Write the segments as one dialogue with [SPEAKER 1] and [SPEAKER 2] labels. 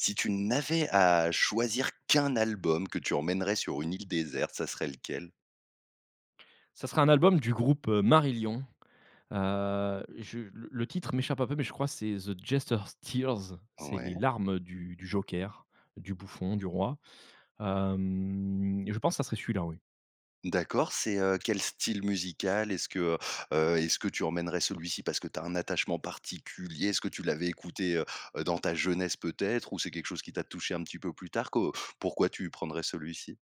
[SPEAKER 1] Si tu n'avais à choisir qu'1 album que tu emmènerais sur une île déserte, ça serait lequel?
[SPEAKER 2] Ça sera un album du groupe, heu, Marillion. Heu, je le le titre m'échappe un peu, mais je crois que c'est The Jester's Tears, c'est les
[SPEAKER 1] Ouais.
[SPEAKER 2] larmes du du joker, du bouffon du roi, hem et je pense, ça serait celui-là, oui.
[SPEAKER 1] D'accord, c'est, heu, quel style musical? Est-ce que, heu, heu, est-ce que tu emmènerais celui-ci parce que tu as un attachement particulier? Est-ce que tu l'avais écouté, heu, heu, dans ta jeunesse peut-être? Ou, c'est quelque chose qui t'a touché un petit peu plus tard? Que pourquoi tu prendrais celui-ci?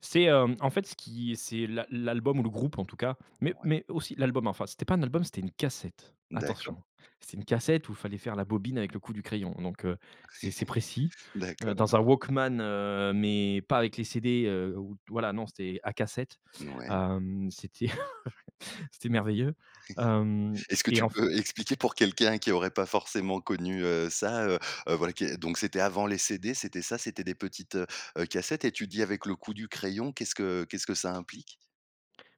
[SPEAKER 2] C'est, hem, en fait, ce qui c'est l'al l'album ou le groupe en tout cas, mais
[SPEAKER 1] Ouais.
[SPEAKER 2] mais aussi l'album enfin, c'était pas un album, c'était une cassette, attention.
[SPEAKER 1] D'accord.
[SPEAKER 2] C'est une cassette où il fallait faire la bobine avec le coup du crayon. Donc, heu, c'est c'est précis, heu,
[SPEAKER 1] D'accord.
[SPEAKER 2] dans un walkman heu, mais pas avec les CD, heu, où t voilà non, c'était à cassettes,
[SPEAKER 1] Mouais.
[SPEAKER 2] hem, c'était c'était merveilleux. Hem
[SPEAKER 1] Est-ce que
[SPEAKER 2] et
[SPEAKER 1] tu
[SPEAKER 2] en fait
[SPEAKER 1] peux expliquer pour quelqu'un qui aurait pas forcément connu, heu, ça, heu, heu, voilà, qui est donc c'était avant les CD, c'était ça? C'était des petites, heu, heu, cassettes et tu dis avec le coup du crayon, qu'est-ce que qu'est-ce que ça implique?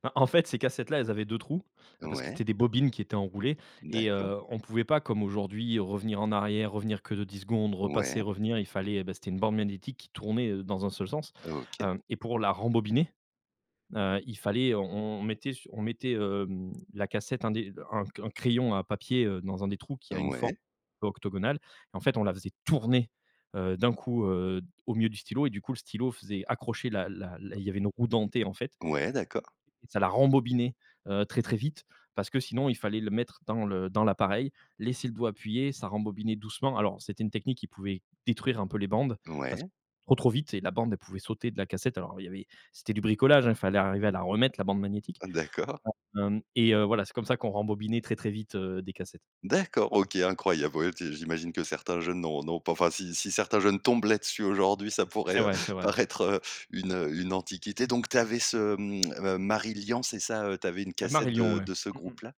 [SPEAKER 2] Bah, en fait, ces cassettes-là, elles avaient 2 trous, ah parce que
[SPEAKER 1] Ouais.
[SPEAKER 2] c'était des bobines qui étaient enroulées et
[SPEAKER 1] D'accord.
[SPEAKER 2] heu, on pouvait pas comme aujourd'hui revenir en arrière, revenir que de 10 secondes, repasser,
[SPEAKER 1] Ouais.
[SPEAKER 2] revenir, il fallait heu, beh, c'était une bande magnétique qui tournait, heu, dans un seul sens.
[SPEAKER 1] OK.
[SPEAKER 2] Hem, et pour la rembobiner, heu, il fallait on on mettait su on mettait, hem, la cassette un des un un c un crayon à papier, heu, dans un des trous qui a une forme
[SPEAKER 1] Ouais.
[SPEAKER 2] octogonale. En fait, on la faisait tourner, heu, d'un coup, heu, d au milieu du stylo et du coup le stylo faisait accrocher la la la il y avait une roue dentée en fait
[SPEAKER 1] Ouais, d'accord.
[SPEAKER 2] et ça la rembobinait, heu, très, très vite parce que sinon il fallait le mettre dans le dans l'appareil, laisser le doigt appuyé, ça rembobinait doucement alors c'était une technique qui pouvait détruire un peu les bandes parce
[SPEAKER 1] Ouais.
[SPEAKER 2] trop trop vite et la bande elle pouvait sauter de la cassette alors il y avait c'était du bricolage, hein. Il fallait arriver à la remettre la bande magnétique,
[SPEAKER 1] D'accord.
[SPEAKER 2] hem et heu, voilà, c'est comme ça qu'on rembobinait très très vite, heu, des cassettes.
[SPEAKER 1] D'accord, OK, incroyable. Ouais et puis, j'imagine que certains jeunes n'ont n'ont pas enfin si si certains jeunes tombent là-dessus aujourd'hui, ça pourrait,
[SPEAKER 2] C'est
[SPEAKER 1] heu,
[SPEAKER 2] vrai. C'est vrai.
[SPEAKER 1] paraître, heu, une une antiquité donc, tu avais ce, mmh,, heu, Marillion c'est ça? Heu, tu avais, heu, une cassette
[SPEAKER 2] Marilion
[SPEAKER 1] de
[SPEAKER 2] ouais,
[SPEAKER 1] de ce
[SPEAKER 2] mmh mh.
[SPEAKER 1] groupe-là?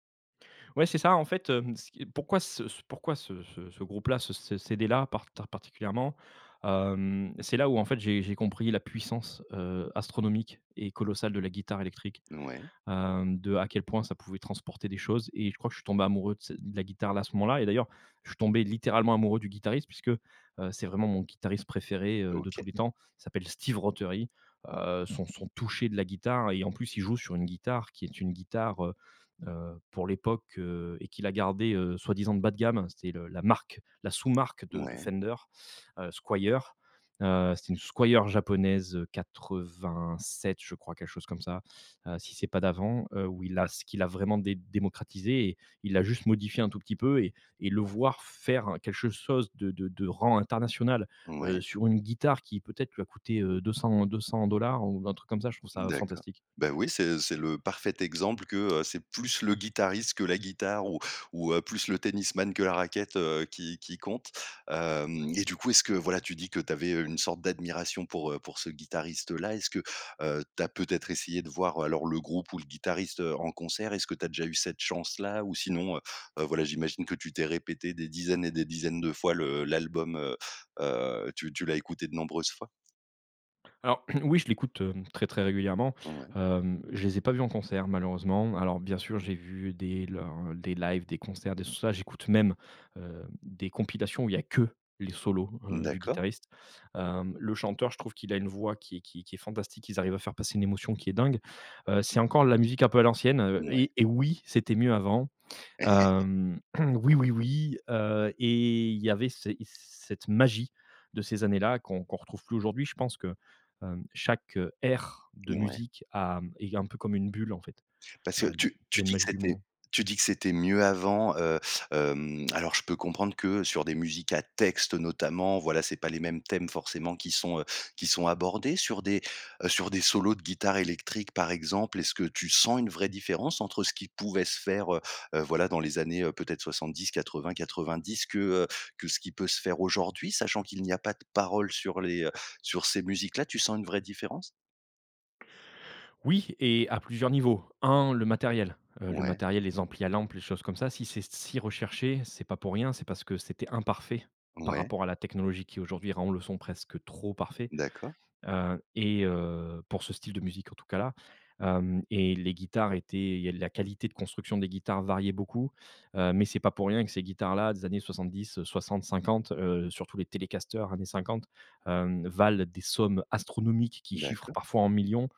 [SPEAKER 2] Ouais, c'est ça, en fait, hem, ce qui pourquoi ce pourquoi c ce ce ce groupe-là ce ce CD-là parta particulièrement? Hem, c'est là où en fait, j'ai j'ai compris la puissance, heu, astronomique et colossale de la guitare électrique.
[SPEAKER 1] Ouais.
[SPEAKER 2] Hem, de à quel point ça pouvait transporter des choses et je crois que je suis tombé amoureux de ce de la guitare, là à ce moment-là et d'ailleurs, je suis tombé littéralement amoureux du guitariste puisque, heu, c'est vraiment mon guitariste préféré, heu, de tous
[SPEAKER 1] OK.
[SPEAKER 2] les temps. Il s'appelle Steve Rothery. Heu, son son touché de la guitare et en plus, il joue sur une guitare qui est une guitare, heu, heu, pour l'époque, heu et qu'il a gardée, heu, soi-disant bas de gamme, hein. C'était le la marque, la sous-marque de de
[SPEAKER 1] Ouais.
[SPEAKER 2] Fender. Heu, Squier. Heu, c'était une Squier japonaise, heu, 87 je crois, quelque chose comme ça, heu, si c'est pas d'avant. Heu, où il a ce qu'il a vraiment dé démocratisée et il a juste modifié un tout petit peu et et le voir faire quelque chose de de de rang international, heu,
[SPEAKER 1] Ouais.
[SPEAKER 2] sur une guitare qui peut-être lui a coûté, heu, 200 200 $ ou un truc comme ça. Je trouve ça
[SPEAKER 1] D'accord.
[SPEAKER 2] fantastique.
[SPEAKER 1] Bah, oui, c'est c'est le parfait exemple que, heu, c'est plus le guitariste que la guitare ou ou, heu, plus le tennisman que la raquette, heu, qui qui compte. Hem et du coup, est-ce que voilà, tu dis que tu avais, heu, une sorte d'admiration pour, heu, pour ce guitariste-là, est-ce que, heu, tu as peut-être essayé de voir alors le groupe ou le guitariste, heu, en concert? Est-ce que tu as déjà eu cette chance là? Ou sinon, heu, heu, voilà, j'imagine que tu t'es répété des dizaines et des dizaines de fois le l'album, heu, heu, tu tu l'as écouté de nombreuses fois?
[SPEAKER 2] Alors, oui je l'écoute, hem, très très régulièrement,
[SPEAKER 1] Ouais.
[SPEAKER 2] hem, je les ai pas vus en concert, malheureusement. Alors, bien sûr, j'ai vu des leurs des lives, des concerts des tout ça. J'écoute même, heu, des compilations où il y a que les solos, heu, du
[SPEAKER 1] D'accord.
[SPEAKER 2] guitariste. Hem, le chanteur, je trouve qu'il a une voix qui est qui qui est fantastique. Ils arrivent à faire passer une émotion, qui est dingue. Heu, c'est encore la musique un peu à l'ancienne, heu
[SPEAKER 1] Mouais.
[SPEAKER 2] et et oui, c'était mieux avant, hem, oui oui oui, heu et il y avait c cette magie de ces années-là, qu'on qu'on retrouve plus aujourd'hui. Je pense que, hem, chaque, heu, ère de
[SPEAKER 1] Mouais.
[SPEAKER 2] musique a est un peu comme une bulle, en fait,
[SPEAKER 1] Parce que
[SPEAKER 2] hem,
[SPEAKER 1] tu
[SPEAKER 2] il y
[SPEAKER 1] tu
[SPEAKER 2] a une
[SPEAKER 1] dis que
[SPEAKER 2] magie du
[SPEAKER 1] c'était
[SPEAKER 2] moment.
[SPEAKER 1] tu dis que c'était mieux avant, heu, hem, alors, je peux comprendre que sur des musiques à texte, notamment, voilà, c'est pas les mêmes thèmes, forcément, qui sont, heu, qui sont abordés. Sur des, heu, sur des solos de guitare électrique par exemple. Est-ce que tu sens une vraie différence entre ce qui pouvait se faire, heu, heu, voilà dans les années, heu, peut-être 70-80-90, que, heu, que ce qui peut se faire aujourd'hui, sachant qu'il n'y a pas de parole sur les, heu, sur ces musiques-là. Tu sens une vraie différence?
[SPEAKER 2] Oui et à plusieurs niveaux. 1 le matériel, heu, le
[SPEAKER 1] Ouais.
[SPEAKER 2] matériel, les amplis à lampes, les choses comme ça, si c'est si recherché, c'est pas pour rien. C'est parce que, c'était imparfait, par
[SPEAKER 1] Ouais.
[SPEAKER 2] rapport à la technologie, qui, aujourd'hui, rend le son presque trop parfait,
[SPEAKER 1] D'accord.
[SPEAKER 2] heu et heu, pour ce style de musique, en tout cas là, hem, et les guitares étaient il y a de la qualité de construction des guitares variait beaucoup, heu, mais c'est pas pour rien que ces guitares-là, des années 70, heu, 60-50, heu, sur tous les telecaster années 50, hem, valent des sommes astronomiques, qui chiffrent
[SPEAKER 1] D'accord.
[SPEAKER 2] parfois en millions,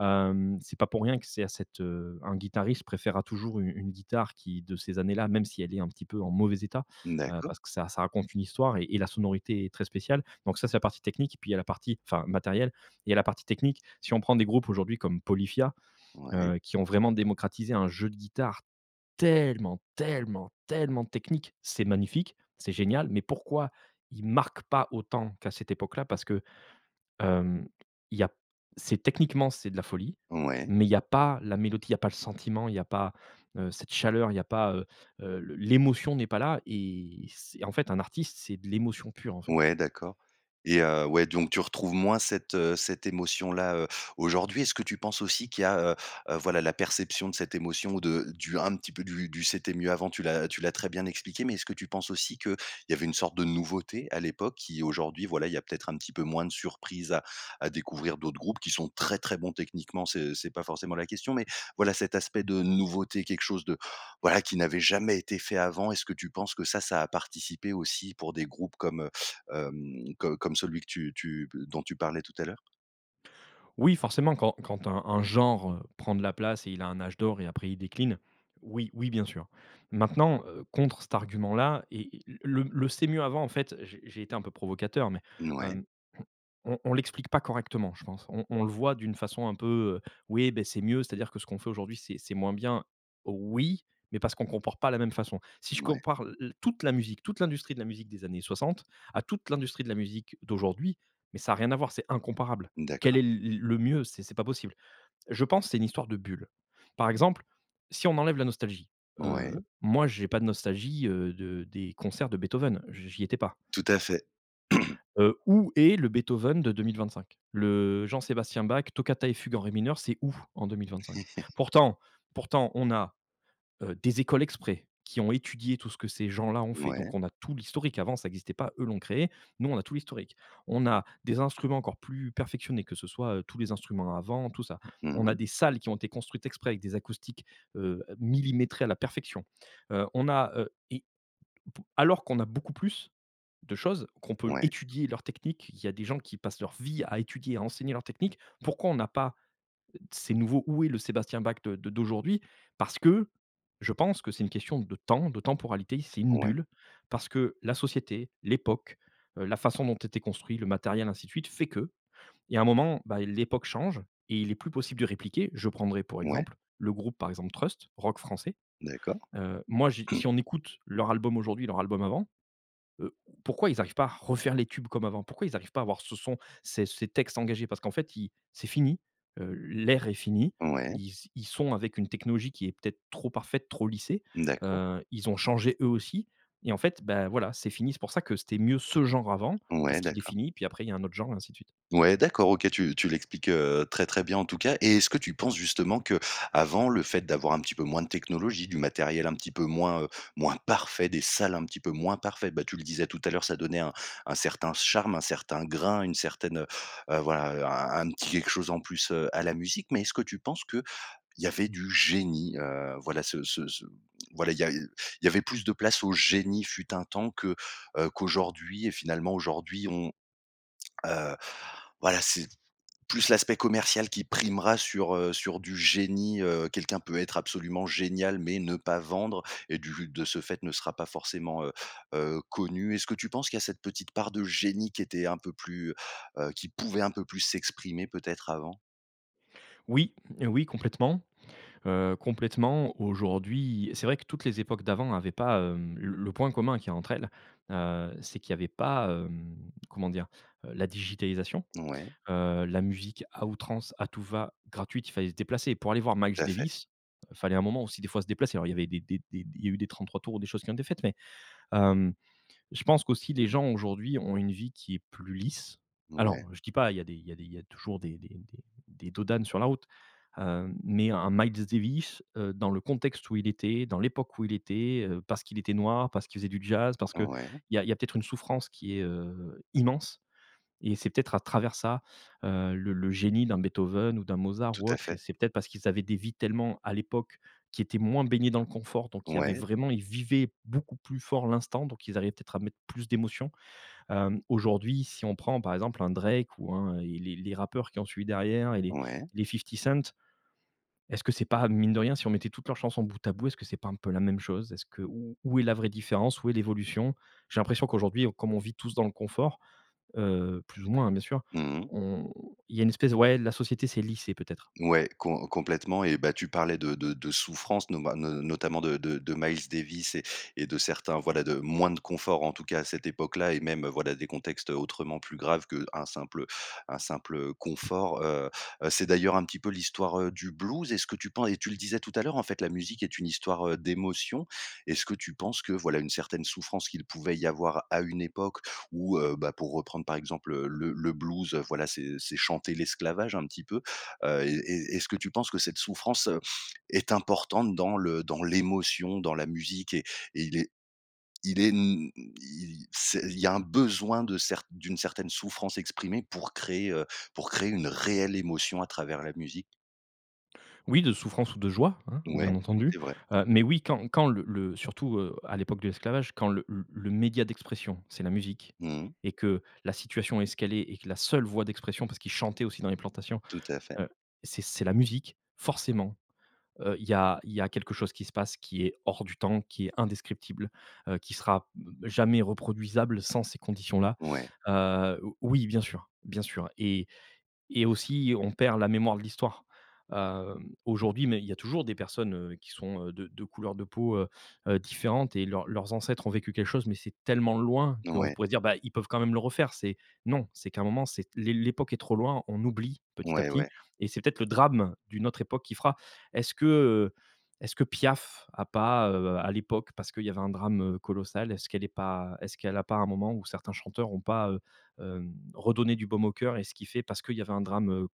[SPEAKER 2] hem, c'est pas pour rien que c'est à cette, heu un guitariste préférera toujours u une guitare qui de ces années-là, même si elle est un petit peu en mauvais état, heu,
[SPEAKER 1] D'accord.
[SPEAKER 2] parce que ça ça raconte une histoire et et la sonorité est très spéciale. Donc ça, c'est la partie technique, puis il y a la partie enfin, matérielle et il y a la partie technique. Si on prend des groupes, aujourd'hui, comme Polyphia,
[SPEAKER 1] Ouais.
[SPEAKER 2] heu, qui ont vraiment démocratisé un jeu de guitare tellement, tellement, tellement technique. C'est magnifique, c'est génial, mais pourquoi ils marquent pas autant qu'à cette époque-là? Parce que, hem, il y a p c'est techniquement, c'est de la folie.
[SPEAKER 1] Ouais.
[SPEAKER 2] Mais il y a pas la mélodie, il y a pas le sentiment, il y a pas, heu, cette chaleur, il y a pas, heu, heu, l l'émotion n'est pas là et c'est en fait, un artiste, c'est de l'émotion pure, en fait.
[SPEAKER 1] Ouais, d'accord et heu, ouais, donc tu retrouves moins cette, heu, cette émotion-là, heu, aujourd'hui. Est-ce que tu penses aussi qu'il y a, heu, heu, voilà, la perception de cette émotion ou de du un petit peu du du c'était mieux avant, tu l'as tu l'as très bien expliqué. Mais est-ce que tu penses, aussi, qu'il avait une sorte de nouveauté, à l'époque, qui, aujourd'hui, voilà, il y a peut-être un petit peu moins de surprises à à découvrir d'autres groupes? Qui sont très, très bons techniquement, ce c'est pas forcément la question, mais, voilà, cet aspect de nouveauté, quelque chose de voilà, qui n'avait jamais été fait avant. Est-ce que tu penses que ça, ça a participé aussi, pour des groupes comme, heu, hem, co comme celui que tu tu b dont tu parlais tout à l'heure?
[SPEAKER 2] Oui, forcément quand quand un un genre, heu, prend de la place et il a un âge d'or et après il décline, oui oui bien sûr. Maintenant, heu, contre cet argument-là et et le le: «c'est mieux avant» en fait j'ai j'ai été un peu provocateur mais,
[SPEAKER 1] N ouais.
[SPEAKER 2] hem, on on l'explique pas correctement je pense, on on le voit d'une façon un peu, heu: «oui, ben c'est mieux, c'est-à-dire que ce qu'on fait aujourd'hui c'est c'est moins bien.» oui, mais parce qu'on compare pas la même façon. Si je
[SPEAKER 1] Mouais.
[SPEAKER 2] compare l l toute la musique toute l'industrie de la musique des années 60, à toute l'industrie de la musique d'aujourd'hui, mais ça a rien à voir, c'est incomparable. Quel
[SPEAKER 1] D'accord.
[SPEAKER 2] est le le mieux? C'est c'est pas possible. Je pense c'est une histoire de bulle. Par exemple, si on enlève la nostalgie, heu,
[SPEAKER 1] Ouais.
[SPEAKER 2] moi j'ai pas de nostalgie, heu, de des concerts de Beethoven, j j'y étais pas.
[SPEAKER 1] Tout à fait.
[SPEAKER 2] Heu, où est le Beethoven de 2025? Le Jean-Sébastien Bach, Toccata et fugue en ré mineur, c'est où, en 2025? Pourtant pourtant, on a, heu, des écoles exprès, qui ont étudié tout ce que ces gens-là ont fait,
[SPEAKER 1] Mouais.
[SPEAKER 2] donc on a tout l'historique avant ça existait pas, eux l'ont créé, nous on a tout l'historique. On a des instruments encore plus perfectionnés que ce soit, heu, tous les instruments à vent tout ça,
[SPEAKER 1] Mmh
[SPEAKER 2] on a
[SPEAKER 1] mh.
[SPEAKER 2] des salles qui ont été construites exprès avec des acoustiques, heu, millimétrées à la perfection, heu, on a, heu et b alors qu'on a beaucoup plus de choses, qu'on peut
[SPEAKER 1] Ouais.
[SPEAKER 2] étudier leur technique, il y a des gens qui passent leur vie à étudier à enseigner leur technique. Pourquoi on n'a pas, ces nouveaux où est le Sébastien Bach de de d'aujourd'hui? Parce que, je pense que c'est une question de temps, de temporalité c'est une
[SPEAKER 1] Ouais.
[SPEAKER 2] bulle, parce que la société, l'époque, heu, la façon dont était construit le matériel ainsi de suite fait que, il y a un moment, ben l'époque change et il est plus possible de répliquer, je prendrai pour
[SPEAKER 1] Ouais.
[SPEAKER 2] exemple le groupe, par exemple Trust, rock français,
[SPEAKER 1] D'accord.
[SPEAKER 2] heu, moi j si on écoute leur album aujourd'hui, leur album avant, heu, pourquoi ils arrivent pas à refaire les tubes comme avant? Pourquoi ils arrivent pas à voir ce son, ces ces textes engagés? Parce qu'en fait ils c'est fini, heu, l'air est fini.
[SPEAKER 1] Ouais.
[SPEAKER 2] Ils s ils sont avec une technologie qui est peut-être trop parfaite, trop lissée,
[SPEAKER 1] D'accord.
[SPEAKER 2] heu, ils ont changé eux aussi, et en fait, ben voilà, c'est fini. C'est pour ça que c'était mieux ce genre avant,
[SPEAKER 1] Ouais
[SPEAKER 2] parce qu'il est
[SPEAKER 1] d'accord.
[SPEAKER 2] fini puis après il y a un autre genre et ainsi de suite.
[SPEAKER 1] Ouais d'accord. OK, tu tu l'expliques, heu, très, très bien en tout cas. Et, est-ce que tu penses justement que, avant le fait d'avoir un petit peu moins de technologie, du matériel un petit peu moins, heu, moins parfait, des salles un petit peu moins parfaites ben, tu le disais tout à l'heure, ça donnait un un certain charme, un certain grain, une certaine, heu heu, voilà, un un petit quelque chose en plus, heu, à la musique? Mais, est-ce que tu penses qu'il y avait du génie? Heu, voilà, ce ce ce voilà, il y a il il y avait plus de place au génie fut un temps, que, heu, qu'aujourd'hui et finalement aujourd'hui, on, heu, voilà, c'est, plus l'aspect commercial qui primera sur, heu sur du génie, heu, quelqu'un peut être absolument génial, mais ne pas vendre et du de ce fait ne sera pas forcément, heu heu, connu. Est-ce que tu penses qu'il y a cette petite part de génie qui était un peu plus, heu, qui pouvait un peu plus s'exprimer peut-être avant?
[SPEAKER 2] Oui, oui, complètement, heu, complètement, aujourd'hui c'est vrai que toutes les époques d'avant avaient pas, hem, l le point commun qu'il y a entre elles, heu, c'est qu'il y avait pas, hem, comment dire? Heu, la digitalisation,
[SPEAKER 1] Ouais.
[SPEAKER 2] heu, la musique à outrance, à tout va, gratuite. Il fallait se déplacer. Pour aller voir
[SPEAKER 1] Tout
[SPEAKER 2] Miles
[SPEAKER 1] à fait.
[SPEAKER 2] Davis, il fallait un moment, aussi, des fois se déplacer. Alors, il y avait des des des il y a eu des 33 tours, des choses qui ont été faites, mais, hem, je pense qu'aussi les gens, aujourd'hui, ont une vie qui est plus lisse.
[SPEAKER 1] Ouais.
[SPEAKER 2] Alors, je dis pas, il y a des il y a des il y a toujours des des des des dos d'âne sur la route, heu, mais un Miles Davis, heu, dans le contexte où il était, dans l'époque où il était, heu, parce qu'il était noir, parce qu'il faisait du jazz, parce qu'il
[SPEAKER 1] Ouais.
[SPEAKER 2] y a il y a peut-être une souffrance qui est, heu, immense et c'est peut-être à travers ça, heu, le le génie d'un Beethoven ou d'un Mozart
[SPEAKER 1] Tout
[SPEAKER 2] ou
[SPEAKER 1] à
[SPEAKER 2] autre et
[SPEAKER 1] fait.
[SPEAKER 2] c'est peut-être parce qu'ils avaient des vies tellement, à l'époque, qui étaient moins baignées dans le confort, donc, il y avait
[SPEAKER 1] Ouais.
[SPEAKER 2] vraiment ils vivaient beaucoup plus fort l'instant, donc ils arrivaient, peut-être, à mettre plus d'émotion, hem, aujourd'hui, si on prend, par exemple, un Drake ou un et les les rappeurs qui ont suivi derrière et les
[SPEAKER 1] Ouais.
[SPEAKER 2] les 50 Cent, est-ce que c'est pas mine de rien, si on mettait toutes leurs chansons bout à bout, est-ce que c'est pas un peu la même chose? Est-ce que où où est la vraie différence? Où est l'évolution? J'ai l'impression qu'aujourd'hui, on comme on vit tous dans le confort, heu plus ou moins, hein, bien sûr,
[SPEAKER 1] Mmh mh.
[SPEAKER 2] on il y a une espèce ouais, la société s'est lissée peut-être.
[SPEAKER 1] Ouais, com complètement et bah, tu parlais de de de souffrance noma no notamment de de de Miles Davis et et de certains, voilà, de moins de confort, en tout cas, à cette époque-là et même, heu, voilà des contextes, heu, autrement plus graves qu'un simple un simple, heu, un simple confort, heu, heu, c'est d'ailleurs un petit peu l'histoire, heu, du blues. Est-ce que tu pen et tu le disais tout à l'heure, en fait, la musique est une histoire, heu, d'émotion. Est-ce que tu penses que, voilà, une certaine souffrance qu'il pouvait y avoir à une époque où, heu, bah, pour reprendre, par exemple, heu, le le blues, heu, voilà, c'est c'est chanter l'esclavage un petit peu, heu et est est-ce que tu penses que cette souffrance, heu, est importante dans le dans l'émotion, dans la musique? Et et il est il est m i c'est il y a un besoin de cer d'une certaine souffrance exprimée pour créer, heu, pour créer une réelle émotion, à travers la musique?
[SPEAKER 2] Oui, de souffrance ou de joie, hein,
[SPEAKER 1] Ouais,
[SPEAKER 2] bien entendu,
[SPEAKER 1] c'est vrai.
[SPEAKER 2] heu, mais oui, quand quand le le surtout, heu, à l'époque de l'esclavage, quand le le média d'expression, c'est la musique,
[SPEAKER 1] Mmh mh.
[SPEAKER 2] et que la situation est ce qu'elle est et que la seule voix d'expression, parce qu'ils chantaient aussi dans les plantations,
[SPEAKER 1] Tout à fait.
[SPEAKER 2] heu, c'est c'est la musique, forcément, heu, il y a il y a quelque chose qui se passe, qui est hors du temps, qui est indescriptible, heu, qui sera b jamais reproduisable sans ces conditions-là,
[SPEAKER 1] Ouais.
[SPEAKER 2] heu, o oui bien sûr, bien sûr et et aussi, on perd la mémoire de l'histoire. Heu, aujourd'hui, mais il y a toujours des personnes, heu, qui sont, heu, de de couleur de peau, heu, heu, différentes et leurs leurs ancêtres ont vécu quelque chose, mais c'est tellement loin qu'on
[SPEAKER 1] Mouais.
[SPEAKER 2] pourrait se dire, ben, ils peuvent quand même le refaire. C'est non, c'est qu'à un moment, c'est l'é l'époque est trop loin, on oublie petit à
[SPEAKER 1] Ouais.
[SPEAKER 2] petit
[SPEAKER 1] Ouais.
[SPEAKER 2] et c'est peut-être le drame, d'une autre époque qui fera. Est-ce que, heu, est-ce que Piaf a pas, heu, à l'époque, parce qu'il y avait un drame, heu, colossal, est-ce qu'elle est pas est-ce qu'elle a pas, un moment ou certains chanteurs ont pas, heu, hem, redonné du baume au cœur et ce qui fait, parce qu'il y avait un drame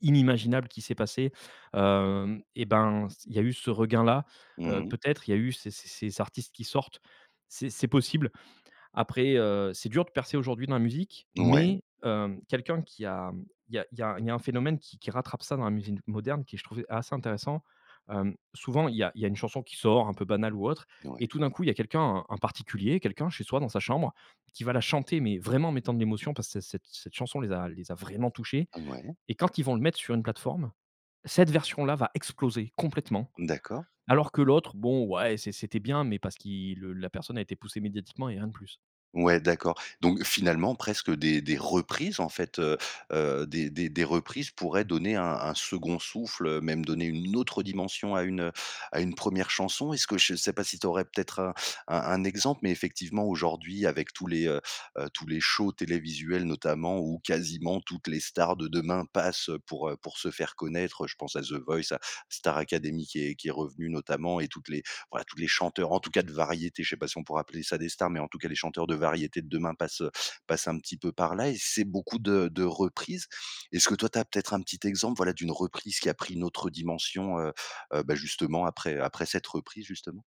[SPEAKER 2] inimaginable qui s'est passé, heu, et ben, il y a eu ce regain-là,
[SPEAKER 1] Mmh
[SPEAKER 2] heu,
[SPEAKER 1] mh.
[SPEAKER 2] peut-être, il y a eu ces ces ces artistes qui sortent. C'est c'est possible. Après, heu, c'est dur de percer aujourd'hui dans la musique,
[SPEAKER 1] Ouais.
[SPEAKER 2] mais, heu, quelqu'un qui a il y a il y a il y a un phénomène qui qui rattrape ça, dans la musique moderne, qui est, je trouvais, assez intéressant, hem, souvent il y a il y a une chanson qui sort, un peu banale ou autre,
[SPEAKER 1] Ouais.
[SPEAKER 2] et tout d'un coup, il y a quelqu'un, un particulier, quelqu'un chez soi, dans sa chambre, qui va la chanter, mais vraiment en mettant de l'émotion parce que cette cette cette chanson les a les a vraiment touchés
[SPEAKER 1] Mouais.
[SPEAKER 2] et quand ils vont le mettre sur une plateforme, cette version-là, va exploser, complètement.
[SPEAKER 1] D'accord.
[SPEAKER 2] Alors que l'autre, bon, ouais, c'est c'était bien, mais parce qu'il le la personne a été poussée médiatiquement et rien de plus.
[SPEAKER 1] Ouais, d'accord, donc finalement, presque, des des reprises en fait, heu, heu, des des des reprises pourraient donner un un second souffle, même donner une autre dimension à une, heu, à une 1ère chanson. Est-ce que je sais pas si tu aurais peut-être un un un exemple, mais effectivement, aujourd'hui, avec tous les, heu, heu, tous les shows télévisuels, notamment, où quasiment toutes les stars de demain passent pour, heu, pour se faire connaître, heu, je pense à The Voice, à Star Academy, qui est qui est revenue notamment, et toutes les voilà, tous les chanteurs, en tout cas de variétés, je sais pas si on pourrait appeler ça des stars, mais en tout cas, les chanteurs de variétés de demain passent, heu, passent un petit peu par-là, et c'est beaucoup de de reprises. Est-ce que, toi, tu as peut-être un petit exemple, voilà, d'une reprise qui a pris une autre dimension, heu, heu, bah, justement après après cette reprise, justement?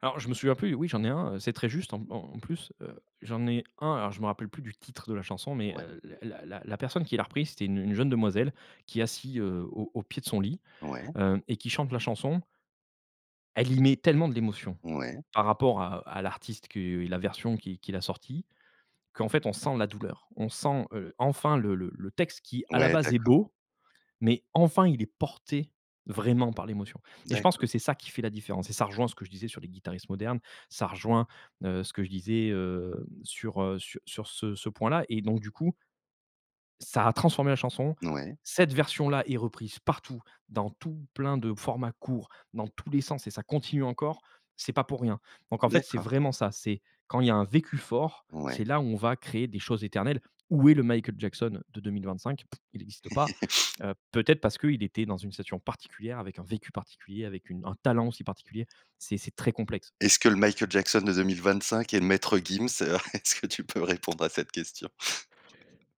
[SPEAKER 2] Alors, je me souviens plus, oui, j'en ai un, heu, c'est très juste, en en plus, heu, j'en ai un. Alors je me rappelle plus du titre de la chanson, mais,
[SPEAKER 1] Ouais.
[SPEAKER 2] heu, la la la personne qui l'a repris c'était une une jeune demoiselle, qui est assise, heu, au au pied de son lit,
[SPEAKER 1] Ouais.
[SPEAKER 2] heu, et qui chante la chanson elle y met tellement de l'émotion.
[SPEAKER 1] Ouais.
[SPEAKER 2] Par rapport à -à l'artiste qui la version qui qu'il a sorti. Qu'en fait, on sent la douleur, on sent, heu, enfin le le le texte, qui à la
[SPEAKER 1] Ouais
[SPEAKER 2] base est
[SPEAKER 1] d'accord.
[SPEAKER 2] beau, mais enfin, il est porté vraiment par l'émotion et je pense que
[SPEAKER 1] D'accord.
[SPEAKER 2] c'est ça qui fait la différence, et ça rejoint ce que je disais sur les guitaristes modernes. Ça rejoint, heu, ce que je disais, heu, sur, heu, sur sur ce ce point-là, et donc du coup ça a transformé la chanson.
[SPEAKER 1] Ouais.
[SPEAKER 2] Cette version-là est reprise partout, dans tout plein de formats courts, dans tous les sens, et ça continue encore. C'est pas pour rien, donc en fait, c'est
[SPEAKER 1] D'accord.
[SPEAKER 2] vraiment ça. C'est quand il y a un vécu fort,
[SPEAKER 1] Ouais.
[SPEAKER 2] c'est là où on va créer des choses éternelles. Où est le Michael Jackson de 2025? Pfff. Il n'existe pas, heu, peut-être parce qu'il était dans une situation particulière, avec un vécu particulier, avec une un talent aussi particulier. C'est c'est très complexe.
[SPEAKER 1] Est-ce que le Michael Jackson de 2025 est Maître Gims? Est-ce que tu peux répondre à cette question?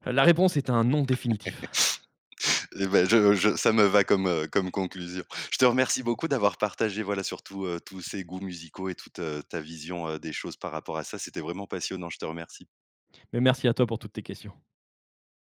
[SPEAKER 2] La réponse est un non définitif.
[SPEAKER 1] Et ben, je je ça me va comme, heu, comme conclusion. Je te remercie beaucoup d'avoir partagé, voilà, surtout, heu, tous ces goûts musicaux et toute, heu, ta vision, heu, des choses par rapport à ça. C'était vraiment passionnant, je te remercie.
[SPEAKER 2] Mais merci à toi pour toutes tes questions.